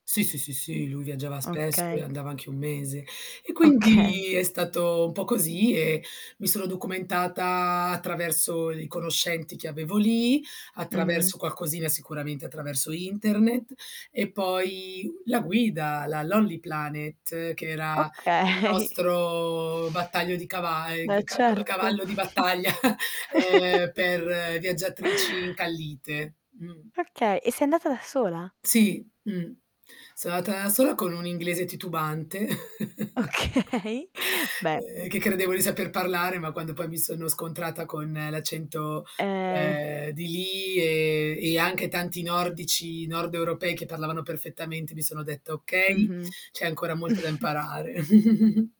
Sì, sì, sì, sì, lui viaggiava spesso e Okay. andava anche 1 mese, e Okay. quindi è stato un po' così e mi sono documentata attraverso i conoscenti che avevo lì, Mh-mh. attraverso qualcosina, sicuramente attraverso internet e poi la guida, la Lonely Planet, che era il Okay. nostro battaglio di cava ehm, Beh, g ca cava certo. cavallo di battaglia, ehm, per viaggiatrici incallite, mh. Okay, e sei andata da sola? Sì, mh. Sono andata da sola con un inglese titubante. Okay, beh. Ehm, che credevo di saper parlare, ma quando poi mi sono scontrata con l'accento, Ehm ehm, di lì e e anche tanti nordici, nord-europei, che parlavano perfettamente, mi sono detta: "Okay, Mh-mh. c'è ancora molto da imparare."